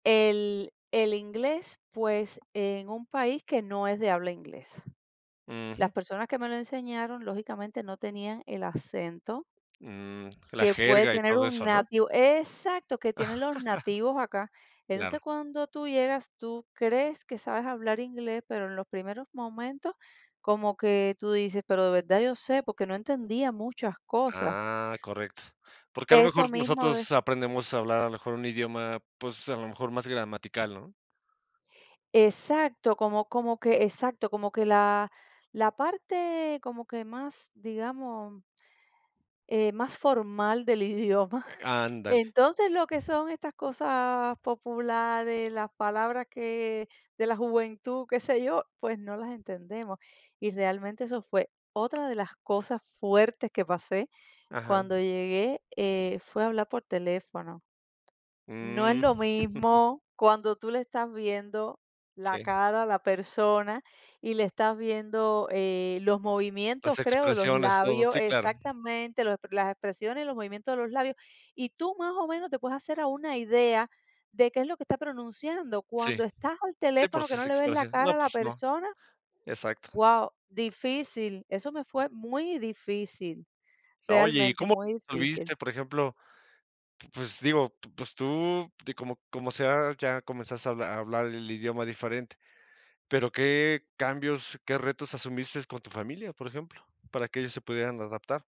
El el inglés, pues, en un país que no es de habla inglesa. Las Ujú. personas que me lo enseñaron lógicamente no tenían el acento Mm, la que puede jerga y tener todo un eso, ¿no? nativo ¡Exacto! Que tienen los nativos acá. Entonces, Claro. cuando tú llegas, tú crees que sabes hablar inglés, pero en los primeros momentos como que tú dices: "¿Pero de verdad yo sé?". Porque no entendía muchas cosas. Ah, correcto. Porque a lo Esto mejor mismo de nosotros aprendemos a hablar a lo mejor un idioma, pues, a lo mejor más gramatical, ¿no? Exacto, como como que Exacto. Como que la la parte como que más, digamos eh, más formal del idioma. Eh, ándale. Entonces, lo que son estas cosas populares, las palabras que de la juventud, qué sé yo, pues no las entendemos. Y realmente eso fue otra de las cosas fuertes que pasé Ajá. cuando llegué, eh, fue hablar por teléfono. No es Mm. lo mismo cuando tú le estás viendo la Sí. cara a la persona y le estás viendo, eh, los Las movimientos, creo, de los expresiones. Todo. labios Sí, claro. Exactamente. Los ep las expresiones y los movimientos de los labios, y tú más o menos te puedes hacer a una idea de qué es lo que está pronunciando. Sí. Cuando estás al Sí, por teléfono, que si no se le ves la expresa. No, cara a la pues no. persona, Exacto. guau, difícil. Eso me fue muy difícil. Oye, ¿y Realmente, cómo muy difícil. [unintelligible] por ejemplo? P pues digo, p pues tú, de como como sea, ya comenzaste a a hablar el idioma diferente, pero ¿qué cambios qué retos asumiste con tu familia, por ejemplo, para que ellos se pudieran adaptar?